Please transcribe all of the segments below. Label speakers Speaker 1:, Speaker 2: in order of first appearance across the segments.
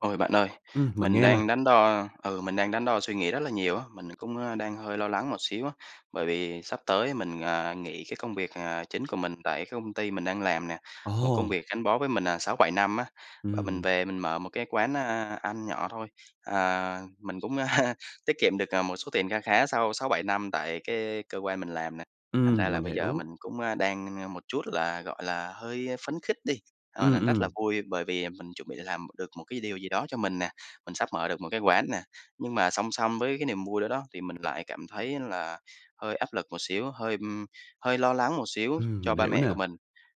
Speaker 1: Ôi bạn ơi,
Speaker 2: Ừm, mình
Speaker 1: mình
Speaker 2: nghe nè.
Speaker 1: đang đắn đo ừ, mình đang đắn đo suy nghĩ rất là nhiều á, mình cũng, a, đang hơi lo lắng một xíu á, bởi vì sắp tới mình, à, nghỉ cái công việc, à, chính của mình tại cái công ty mình đang làm nè, một công
Speaker 2: Ồ!
Speaker 1: việc gắn bó với mình, à, 6-7 năm á, và mình
Speaker 2: Ừm.
Speaker 1: về mình mở một cái quán, a, ăn nhỏ thôi. Ờ, mình cũng tiết kiệm được, à, một số tiền kha khá sau 6-7 năm tại cái cơ quan mình làm nè, thành ra
Speaker 2: Ừm,
Speaker 1: là
Speaker 2: mình
Speaker 1: bây giờ mình
Speaker 2: hiểu.
Speaker 1: cũng, a, đang một chút là, gọi là, hơi, a, phấn khích đi, ờ,
Speaker 2: Ừm,
Speaker 1: nền rất là
Speaker 2: ừm.
Speaker 1: vui bởi vì, à, mình chuẩn bị làm được một cái điều gì đó cho mình nè, mình sắp mở được một cái quán nè. Nhưng mà song song với cái niềm vui đó đó, thì mình lại cảm thấy là hơi áp lực một xíu, hơi, ưm, hơi lo lắng một xíu
Speaker 2: Ừm,
Speaker 1: cho
Speaker 2: mình
Speaker 1: ba
Speaker 2: hiểu
Speaker 1: mẹ của
Speaker 2: nè.
Speaker 1: mình.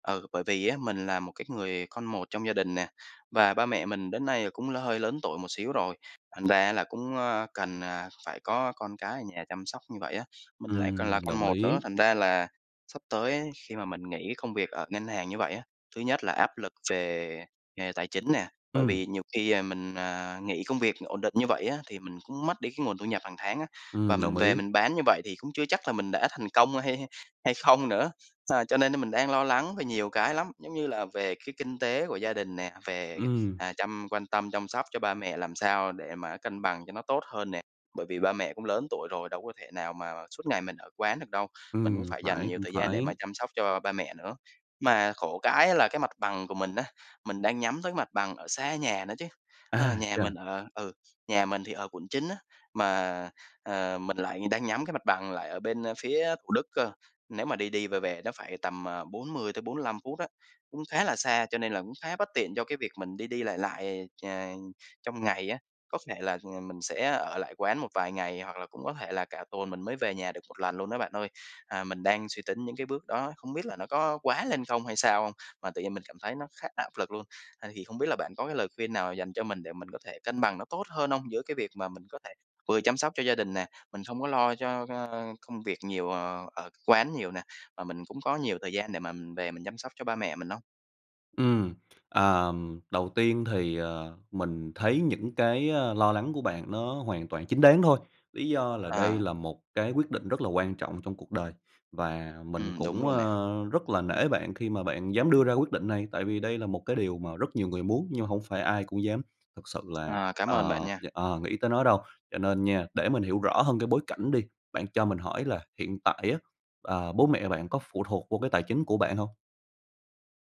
Speaker 1: Ừ, bởi vì á, mình là một cái người con một trong gia đình nè, và ba mẹ mình đến nay là cũng hơi lớn tuổi một xíu rồi, thành ra là cũng, ơ, cần, à, phải có con cái ở nhà chăm sóc như vậy á, mình lại còn là
Speaker 2: Ừm,
Speaker 1: con
Speaker 2: đồng
Speaker 1: một nữa,
Speaker 2: ý.
Speaker 1: thành ra là sắp tới khi mà mình nghỉ công việc ở ngân hàng như vậy á, thứ nhất là áp lực về nghề tài chính nè. Bởi
Speaker 2: Ừm.
Speaker 1: vì nhiều khi, ờ, mình, ờ, nghỉ công việc ổn định như vậy á, thì mình cũng mất đi cái nguồn thu nhập hàng tháng á, và
Speaker 2: Ừm,
Speaker 1: mình
Speaker 2: đồng
Speaker 1: về
Speaker 2: ý.
Speaker 1: mình bán như vậy thì cũng chưa chắc là mình đã thành công hay hay hay không nữa. Ờ, cho nên mình đang lo lắng về nhiều cái lắm, giống như là về cái kinh tế của gia đình nè, về,
Speaker 2: Ừm.
Speaker 1: à, chăm quan tâm chăm sóc cho ba mẹ làm sao để mà cân bằng cho nó tốt hơn nè, bởi vì ba mẹ cũng lớn tuổi rồi, đâu có thể nào mà suốt ngày mình ở quán được đâu, mình cũng
Speaker 2: Ừm,
Speaker 1: phải dành
Speaker 2: phải,
Speaker 1: nhiều
Speaker 2: cũng
Speaker 1: thời gian để
Speaker 2: phải.
Speaker 1: mà chăm sóc cho ba mẹ nữa. Mà khổ cái á là cái mặt bằng của mình á, mình đang nhắm tới cái mặt bằng ở xa nhà nữa chứ, ờ,
Speaker 2: À,
Speaker 1: nhà
Speaker 2: thế à.
Speaker 1: mình ở ừ, nhà mình thì ở quận 9 á, mà, à, mình lại đang nhắm cái mặt bằng lại ở bên, ơ, phía Thủ Đức cơ. Nếu mà đi đi, về về nó phải tầm, à, 40-45 phút á, cũng khá là xa cho nên là cũng khá bất tiện cho cái việc mình đi đi, lại lại, à, trong ngày á, có thể là, ừm, mình sẽ ở lại quán một vài ngày hoặc là cũng có thể là cả tuần mình mới về nhà được 1 lần luôn đó bạn ơi. À, mình đang suy tính những cái bước đó, không biết là nó có quá lên không hay sao không? Mà tự nhiên mình cảm thấy nó khá áp lực luôn, à, thì không biết là bạn có cái lời khuyên nào dành cho mình để mình có thể cân bằng nó tốt hơn không? Giữa cái việc mà mình có thể vừa chăm sóc cho gia đình nè, mình không có lo cho cho công việc nhiều, ờ, ở quán nhiều nè, mà mình cũng có nhiều thời gian để mà mình về mình chăm sóc cho ba mẹ mình không?
Speaker 2: Ừm, ờm, đầu tiên thì, ờ, mình thấy những cái, a, lo lắng của bạn nó hoàn toàn chính đáng thôi, lý do là đây
Speaker 1: À.
Speaker 2: là một cái quyết định rất là quan trọng trong cuộc đời. Và mình
Speaker 1: Ừm, đúng
Speaker 2: cũng,
Speaker 1: luôn nè.
Speaker 2: ơ, rất là nể bạn khi mà bạn dám đưa ra quyết định này, tại vì đây là một cái điều mà rất nhiều người muốn nhưng mà hông phải ai cũng dám thực sự là,
Speaker 1: Ờ, cám ơn bạn
Speaker 2: ờ,
Speaker 1: nha.
Speaker 2: dạ, ờ, nghĩ tới nó đâu, cho nên nha để mình hiểu rõ hơn cái bối cảnh đi, bạn cho mình hỏi là hiện tại á, ờ, bố mẹ bạn có phụ thuộc vô cái tài chính của bạn hông?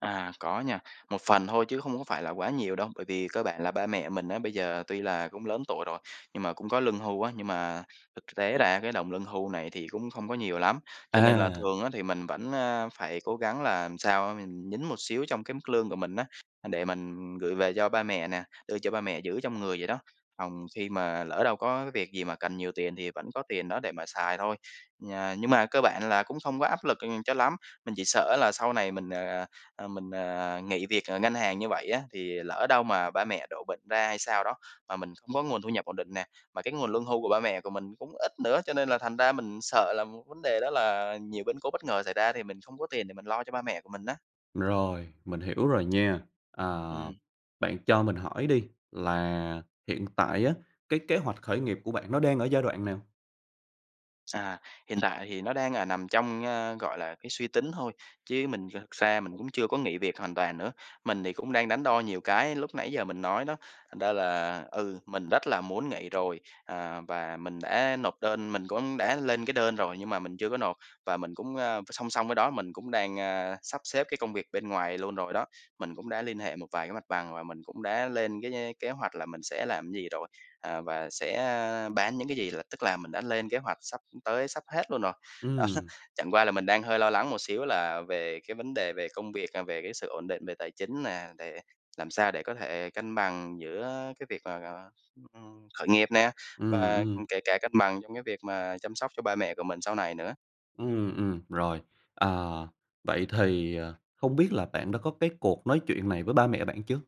Speaker 1: À, có nha, một phần thôi chứ không có phải là quá nhiều đâu, bởi vì cơ bản là ba mẹ mình á, bây giờ tuy là cũng lớn tuổi rồi, nhưng mà cũng có lương hưu á. Nhưng mà thực tế ra cái đồng lương hưu này thì cũng không có nhiều lắm, cho nên là
Speaker 2: À.
Speaker 1: thường á, thì mình vẫn, a, phải cố gắng là làm sao á mình nhín một xíu trong cái mức lương của mình á, a, để mình gửi về cho ba mẹ nè, đưa cho ba mẹ giữ trong người vậy đó, phòng khi mà lỡ đâu có cái việc gì mà cần nhiều tiền thì vẫn có tiền đó để mà xài thôi. Nhà nhưng mà cơ bản là cũng không quá áp lực, ừm, cho lắm, mình chỉ sợ á là sau này mình, ờ, ờ, ờ, mình, ờ, nghỉ việc, ờ, ngân hàng như vậy á, thì lỡ đâu mà ba mẹ đổ bệnh ra hay sao đó, mà mình không có nguồn thu nhập ổn định nè, và cái nguồn lương hưu của ba mẹ của mình cũng ít nữa, cho nên là thành ra mình sợ là một vấn đề đó là nhiều biến cố bất ngờ xảy ra thì mình không có tiền để mình lo cho ba mẹ của mình á.
Speaker 2: Rồi, mình hiểu rồi nha. Ờ,
Speaker 1: Ừm.
Speaker 2: bạn cho mình hỏi đi, là hiện tại á, cái kế hoạch khởi nghiệp của bạn nó đang ở giai đoạn nào?
Speaker 1: À, hiện tại thì nó đang, à, nằm trong, a, gọi là, cái suy tính thôi, chứ mình thực ra mình cũng chưa có nghỉ việc hoàn toàn nữa. Mình thì cũng đang đắn đo nhiều cái lúc nãy giờ mình nói đó, thành ra là, ừ, mình rất là muốn nghỉ rồi, ờ, và mình đã nộp đơn mình cũng đã lên cái đơn rồi nhưng mà mình chưa có nộp. Và mình cũng, ơ, song song với đó mình cũng đang, a, sắp xếp cái công việc bên ngoài luôn rồi đó. Mình cũng đã liên hệ một vài cái mặt bằng, và mình cũng đã lên cái nh kế hoạch là mình sẽ làm gì rồi, à, và sẽ, a, bán những cái gì, là tức là mình đã lên kế hoạch sắp tới, sắp hết luôn rồi. Đó,
Speaker 2: Ừm.
Speaker 1: chẳng qua là mình đang hơi lo lắng một xíu là về cái vấn đề về công việc, à, về cái sự ổn định về tài chính nè, để làm sao để có thể cân bằng giữa cái việc, à, ừm, khởi nghiệp nè,
Speaker 2: Ừm,
Speaker 1: và,
Speaker 2: ừm.
Speaker 1: ừm, kể cả cân bằng trong cái việc mà chăm sóc cho ba mẹ của mình sau này nữa.
Speaker 2: Ừm, ừm, rồi, ờ, vậy thì, ờ, không biết là bạn đã có cái cuộc nói chuyện này với ba mẹ bạn chưa?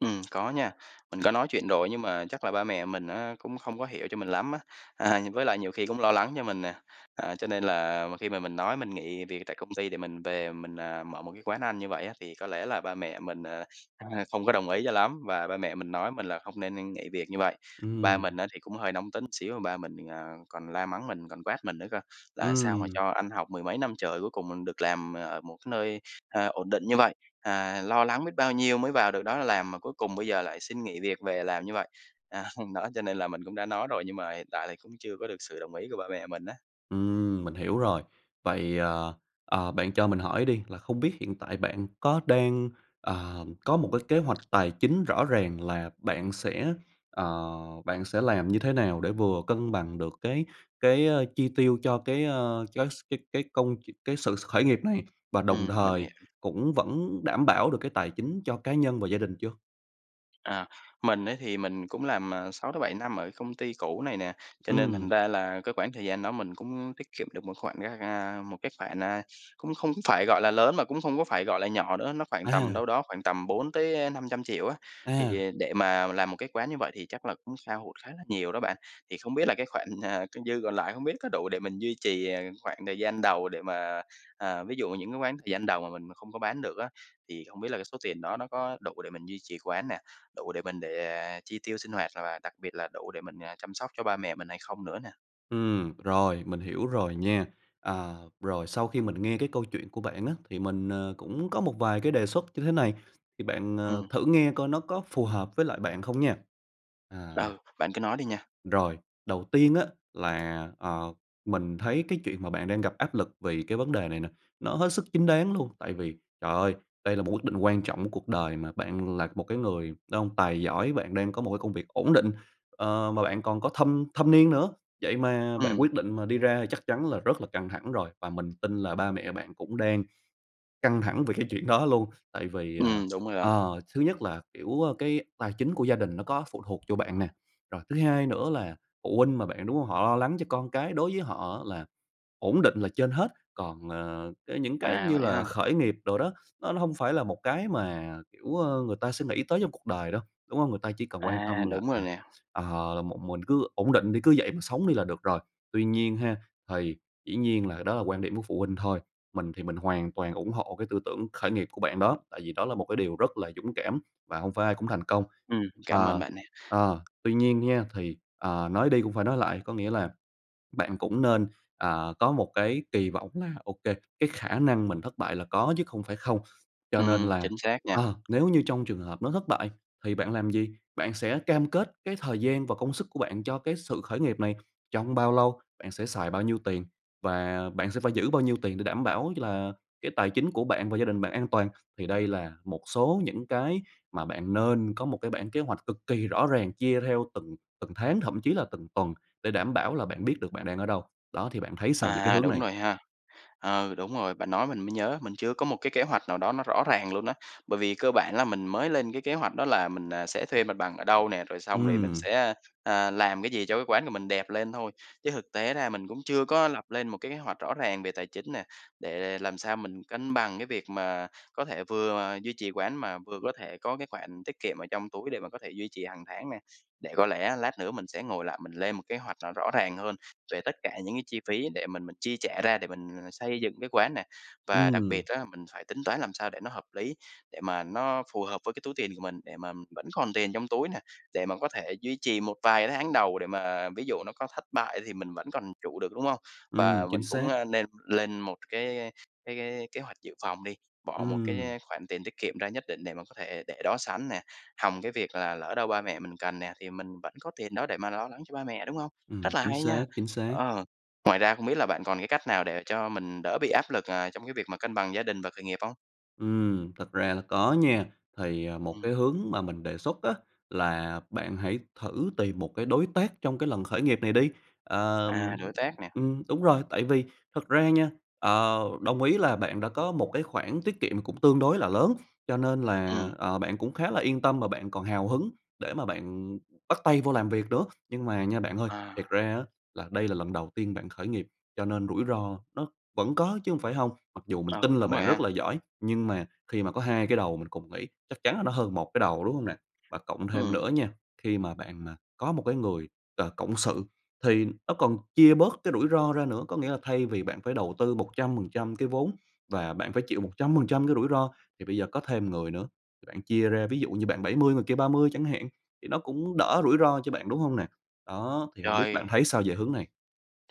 Speaker 1: Ừm, có nha, mình có nói chuyện rồi á nhưng mà chắc là ba mẹ mình á, cũng không có hiểu cho mình lắm á, à, với lại nhiều khi cũng lo lắng cho mình nè, ờ, cho nên là khi mà mình nói mình nghỉ việc tại công ty để mình về mình, ờ, mở một cái quán ăn như vậy á, thì có lẽ là ba mẹ mình, ờ, h không có đồng ý cho lắm và ba mẹ mình nói mình là không nên nên nghỉ việc như vậy. Ba
Speaker 2: Ừm.
Speaker 1: mình á thì cũng hơi nóng tính xíu, ba mình, ờ, còn la mắng mình còn quát mình nữa cơ, là "Sao mà
Speaker 2: Ừm.
Speaker 1: cho ăn học mười mấy năm trời cuối cùng mình được làm ở một cái nơi, à, ổn định như vậy, à, lo lắng biết bao nhiêu mới vào được đó làm mà cuối cùng bây giờ lại xin nghỉ việc về làm như vậy." À, hôm đó cho nên là mình cũng đã nói rồi, nhưng mà hiện tại thì cũng chưa có được sự đồng ý của ba mẹ mình á.
Speaker 2: Ừm, mình hiểu rồi. Vậy, ờ, ờ, bạn cho mình hỏi đi là không biết hiện tại bạn có đang, ờm, có một cái kế hoạch tài chính rõ ràng là bạn sẽ, ờ, bạn sẽ làm như thế nào để vừa cân bằng được cái cái, ơ, chi tiêu cho cái, ơ, cái s cái cái công ch cái sự s khởi nghiệp này và đồng
Speaker 1: Ừm, mình
Speaker 2: thời
Speaker 1: hiểu.
Speaker 2: cũng vẫn đảm bảo được cái tài chính cho cá nhân và gia đình chưa?
Speaker 1: À, mình ấy, thì mình cũng làm, ờ, 6 tới 7 năm ở công ty cũ này nè. Cho nên thành
Speaker 2: Ừm.
Speaker 1: ra là cái khoảng thời gian đó mình cũng tiết kiệm được một khoản gá ga một cái khoản, a, cũng không phải, gọi là, lớn mà cũng không có phải, gọi là, nhỏ nữa, nó khoảng tầm
Speaker 2: À!
Speaker 1: đâu đó khoảng tầm 400.000.000 tới 500.000.000 á.
Speaker 2: À.
Speaker 1: Thì để mà làm một cái quán như vậy thì chắc là cũng hao hụt khá là nhiều đó bạn. Thì không biết là cái khoản, ờ, c dư còn lại không biết có đủ để mình duy trì, ờ, khoảng thời gian đầu để mà ờ, ví dụ những cái quán thời gian đầu mà mình mà không có bán được á, thì không biết là cái số tiền đó nó có đủ để mình duy trì quán nè, đủ để mình để, à, chi tiêu sinh hoạt và và đặc biệt là đủ để mình, à, chăm sóc cho ba mẹ mình hay không nữa nè?
Speaker 2: Ừm, rồi mình hiểu rồi nha. À, rồi sau khi mình nghe cái câu chuyện của bạn á, thì mình, ờ, cũng có một vài cái đề xuất như thế này. Thì bạn, ờ,
Speaker 1: Ừm.
Speaker 2: thử nghe coi nó có phù hợp với lại bạn không nha. À
Speaker 1: Ừ, bạn cứ nói đi nha.
Speaker 2: Rồi, đầu tiên á, là, ờ, mình thấy cái chuyện mà bạn đang gặp áp lực vì cái vấn đề này nè, nó hết sức chính đáng luôn. Tại vì, trời ơi! Đây là một quyết định quan trọng của cuộc đời mà. Bạn là một cái người đàn ông tài giỏi, bạn đang có một cái công việc ổn định, ờ, mà bạn còn có thâm thâm niên nữa. Vậy mà bạn
Speaker 1: Ừm.
Speaker 2: quyết định mà đi ra chắc chắn là rất là căng thẳng rồi. Và mình tin là ba mẹ bạn cũng đang căng thẳng về cái chuyện đó luôn. Tại vì, ờ,
Speaker 1: Ừm, đúng rồi đó.
Speaker 2: ờ, thứ nhất là, kiểu, ơ, cái tài chính của gia đình nó có phụ thuộc vô bạn nè. Rồi thứ hai nữa là phụ huynh mà bạn, đúng hông? Họ lo lắng cho con cái, đối với họ là ổn định là trên hết. Còn, ờ, cái những cái
Speaker 1: À,
Speaker 2: như
Speaker 1: vậy
Speaker 2: là
Speaker 1: ha?
Speaker 2: khởi nghiệp đồ đó, nó hông phải là một cái mà, kiểu, ơ, người ta sẽ nghĩ tới trong cuộc đời đâu, đúng hông? Người ta chỉ cần quan
Speaker 1: À,
Speaker 2: tâm là,
Speaker 1: đúng rồi
Speaker 2: à,
Speaker 1: nè.
Speaker 2: ờ, là một, mình cứ ổn định đi, cứ vậy mà sống đi là được rồi. Tuy nhiên ha, thì dĩ nhiên là đó là quan điểm của phụ huynh thôi. Mình thì mình hoàn toàn ủng hộ cái tư tưởng khởi nghiệp của bạn đó, tại vì đó là một cái điều rất là dũng cảm và hông phải ai cũng thành công.
Speaker 1: Ừm, cảm ơn
Speaker 2: Ờ,
Speaker 1: bạn nha.
Speaker 2: ờ, tuy nhiên nha, thì, ờ, nói đi cũng phải nói lại, có nghĩa là bạn cũng nên, à, có một cái kỳ vọng là, OK, cái khả năng mình thất bại là có chứ không phải không. Cho nên
Speaker 1: Ừm,
Speaker 2: là,
Speaker 1: chính xác nha.
Speaker 2: ờ, nếu như trong trường hợp nó thất bại thì bạn làm gì? Bạn sẽ cam kết cái thời gian và công sức của bạn cho cái sự khởi nghiệp này trong bao lâu? Bạn sẽ xài bao nhiêu tiền và bạn sẽ phải giữ bao nhiêu tiền để đảm bảo cho là cái tài chính của bạn và gia đình bạn an toàn? Thì đây là một số những cái mà bạn nên có một cái bảng kế hoạch cực kỳ rõ ràng chia theo từng từng tháng, thậm chí là từng tuần để đảm bảo là bạn biết được bạn đang ở đâu. Đó, thì bạn thấy sao về cái
Speaker 1: À,
Speaker 2: hướng
Speaker 1: đúng
Speaker 2: này?
Speaker 1: rồi ha. Ừ, đúng rồi, bạn nói mình mới nhớ, mình chưa có một cái kế hoạch nào đó nó rõ ràng luôn á. Bởi vì cơ bản là mình mới lên cái kế hoạch đó là mình, à, sẽ thuê mặt bằng ở đâu nè, rồi xong rồi mình sẽ,
Speaker 2: Ừm.
Speaker 1: ơ, ờ, làm cái gì cho cái quán của mình đẹp lên thôi. Chứ thực tế ra mình cũng chưa có lập lên một cái kế hoạch rõ ràng về tài chính nè, để để làm sao mình cân bằng cái việc mà có thể vừa mà duy trì quán mà vừa có thể có cái khoản tiết kiệm ở trong túi để mà có thể duy trì hàng tháng nè. Để có lẽ lát nữa mình sẽ ngồi lại, mình lên một kế hoạch nó rõ ràng hơn về tất cả những cái chi phí để mình mình chi trả ra để mình xây dựng cái quán nè. Và đặc
Speaker 2: Ừm.
Speaker 1: biệt á, mình phải tính toán làm sao để nó hợp lý, để mà nó phù hợp với cái túi tiền của mình, để mà vẫn còn tiền trong túi nè, để mà có thể duy trì một vài cái tháng đầu để mà ví dụ nó có thất bại thì mình vẫn còn trụ được, đúng không?
Speaker 2: Ừm,
Speaker 1: Và
Speaker 2: chính
Speaker 1: mình cũng,
Speaker 2: xác.
Speaker 1: ơ, nên lên một cái cái cái kế hoạch dự phòng đi, bỏ một
Speaker 2: Ừm.
Speaker 1: cái khoản tiền tiết kiệm ra nhất định để mà có thể để đó sẵn nè, hòng cái việc là lỡ đâu ba mẹ mình cần nè, thì mình vẫn có tiền đó để mà lo lắng cho ba mẹ, đúng hông?
Speaker 2: Ừm,
Speaker 1: Rất là
Speaker 2: chính
Speaker 1: hay nha.
Speaker 2: xác, chính xác.
Speaker 1: Ờ, ngoài ra không biết là bạn còn cái cách nào để cho mình đỡ bị áp lực, ờ, trong cái việc mà cân bằng gia đình và khởi nghiệp không?
Speaker 2: Ừm, thực ra là có nha, thì, à, một
Speaker 1: Ừm.
Speaker 2: cái hướng mà mình đề xuất á, là bạn hãy thử tìm một cái đối tác trong cái lần khởi nghiệp này đi.
Speaker 1: À,
Speaker 2: Ờm,
Speaker 1: đối tác nè.
Speaker 2: ừm, đúng rồi, tại vì thật ra nha, ờ, đồng ý là bạn đã có một cái khoản tiết kiệm cũng tương đối là lớn, cho nên là,
Speaker 1: Ừm.
Speaker 2: ờ, bạn cũng khá là yên tâm mà bạn còn hào hứng để mà bạn bắt tay vô làm việc nữa, nhưng mà nha bạn ơi, thiệt
Speaker 1: À.
Speaker 2: ra á, là đây là lần đầu tiên bạn khởi nghiệp, cho nên rủi ro nó vẫn có chứ hông phải hông, mặc dù mình
Speaker 1: Ừ,
Speaker 2: tin là
Speaker 1: đúng rồi
Speaker 2: bạn
Speaker 1: ha.
Speaker 2: rất là giỏi nhưng mà khi mà có 2 cái đầu mình cùng nghĩ chắc chắn là nó hơn 1 cái đầu, đúng hông nè? Và cộng thêm nữa
Speaker 1: Ừm.
Speaker 2: nha, khi mà bạn có một cái người, ờ, cộng sự thì nó còn chia bớt cái rủi ro ra nữa, có nghĩa là thay vì bạn phải đầu tư 100% cái vốn và bạn phải chịu 100% cái rủi ro thì bây giờ có thêm người nữa, bạn chia ra ví dụ như bạn 70 người kia 30 chẳng hạn, thì nó cũng đỡ rủi ro cho bạn, đúng hông nè? Đó, thì hông biết bạn
Speaker 1: Trời.
Speaker 2: thấy sao về hướng này?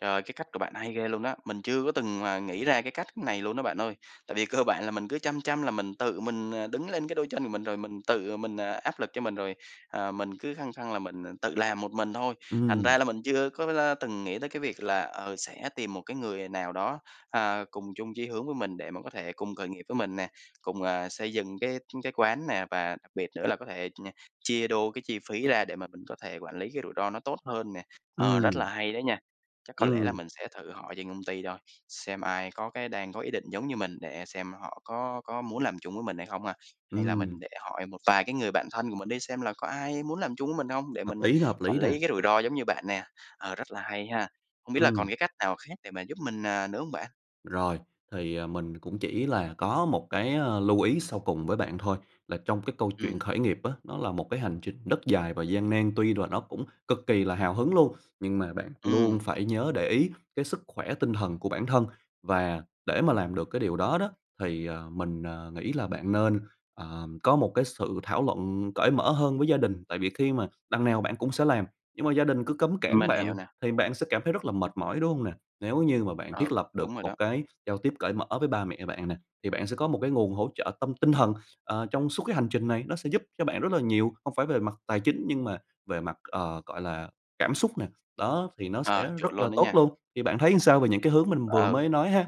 Speaker 1: Trời, cái cách của bạn hay ghê luôn đó! Mình chưa có từng mà nghĩ ra cái cách này luôn đó bạn ơi, tại vì cơ bản là mình cứ chăm chăm là mình tự mình, à, đứng lên cái đôi chân của mình rồi mình tự mình, à, áp lực cho mình rồi, ờ, mình cứ khăng khăng là mình, à, tự làm một mình thôi, thành
Speaker 2: Ừm.
Speaker 1: ra là mình chưa có la từng nghĩ tới cái việc là, ờ, sẽ tìm một cái người nào đó, ờ, cùng chung chí hướng với mình để mà có thể cùng khởi nghiệp với mình nè, cùng, ờ, xây dựng cái, ưm, cái quán nè, và đặc biệt nữa là có thể nh chia đôi cái chi phí ra để mà mình có thể quản lý cái rủi ro nó tốt hơn nè. Ờ, rất là
Speaker 2: Ừm.
Speaker 1: hay đấy nha, chắc có lẽ là
Speaker 2: Ừm.
Speaker 1: mình sẽ thử hỏi trên công ty thôi, xem ai có cái đang có ý định giống như mình để xem họ có có muốn làm chung với mình hay không ha. Hay là mình
Speaker 2: Ừm.
Speaker 1: để hỏi một vài cái người bạn thân của mình đi xem là có ai muốn làm chung với mình hông, để
Speaker 2: Hợp
Speaker 1: mình n
Speaker 2: lý, hợp
Speaker 1: quản
Speaker 2: lý nè.
Speaker 1: lý cái rủi ro giống như bạn nè, ờ, rất là hay ha. Hông biết là còn
Speaker 2: Ừm.
Speaker 1: cái cách nào khác để mà giúp mình, à, nữa hông bạn?
Speaker 2: Rồi, thì, à, mình cũng chỉ là có một cái, ơ, lưu ý sau cùng với bạn thôi, là trong cái câu chuyện
Speaker 1: Ừm.
Speaker 2: khởi nghiệp á, nó là một cái hành trình rất dài và gian nan, tuy là nó cũng cực kỳ là hào hứng luôn, nhưng mà bạn luôn
Speaker 1: Ừm.
Speaker 2: phải nhớ để ý cái sức khỏe tinh thần của bản thân và để mà làm được cái điều đó đó, thì, à, mình, à, nghĩ là bạn nên, ờm, có một cái sự thảo luận cởi mở hơn với gia đình, tại vì khi mà đằng nào bạn cũng sẽ làm, nhưng mà gia đình cứ cấm cản
Speaker 1: Mình hiểu
Speaker 2: bạn
Speaker 1: nè.
Speaker 2: thì bạn sẽ cảm thấy rất là mệt mỏi, đúng hông nè? Nếu như mà bạn thiết
Speaker 1: Ừ,
Speaker 2: lập
Speaker 1: đúng
Speaker 2: được
Speaker 1: rồi
Speaker 2: một
Speaker 1: đó.
Speaker 2: cái giao tiếp cởi mở với ba mẹ bạn nè, thì bạn sẽ có một cái nguồn hỗ trợ tâm tinh thần, ờ, trong suốt cái hành trình này, nó sẽ giúp cho bạn rất là nhiều, không phải về mặt tài chính nhưng mà về mặt, ờ, gọi là, cảm xúc nè, đó thì nó sẽ
Speaker 1: Ờ, chuẩn
Speaker 2: rất là
Speaker 1: luôn á
Speaker 2: tốt
Speaker 1: nha.
Speaker 2: luôn. Thì bạn thấy làm sao về những cái hướng mình vừa
Speaker 1: Ừ.
Speaker 2: mới nói ha?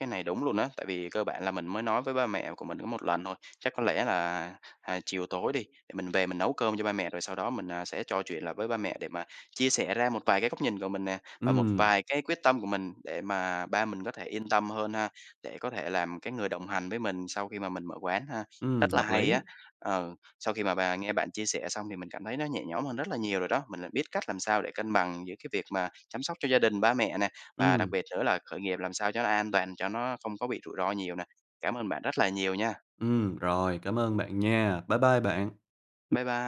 Speaker 1: Cái này đúng luôn á, tại vì cơ bản là mình mới nói với ba mẹ của mình có một lần thôi. Chắc có lẽ là, à, chiều tối đi, để mình về mình nấu cơm cho ba mẹ rồi sau đó mình, à, sẽ trò chuyện lại với ba mẹ để mà chia sẻ ra một vài cái góc nhìn của mình nè, và một
Speaker 2: Ừm.
Speaker 1: vài cái quyết tâm của mình, để mà ba mình có thể yên tâm hơn ha, để có thể làm cái người đồng hành với mình sau khi mà mình mở quán ha,
Speaker 2: Ừm,
Speaker 1: rất là
Speaker 2: hợp
Speaker 1: hay á.
Speaker 2: lý.
Speaker 1: Ừ, sau khi mà bà nghe bạn chia sẻ xong thì mình cảm thấy nó nhẹ nhõm hơn rất là nhiều rồi đó, mình lại biết cách làm sao để cân bằng giữa cái việc mà chăm sóc cho gia đình, ba mẹ nè, và đặc
Speaker 2: Ừm.
Speaker 1: biệt nữa là khởi nghiệp làm sao cho nó an toàn cho nó không có bị rủi ro nhiều nè. Cảm ơn bạn rất là nhiều nha.
Speaker 2: Ừm, rồi, cảm ơn bạn nha. Bye bye bạn.
Speaker 1: Bye bye.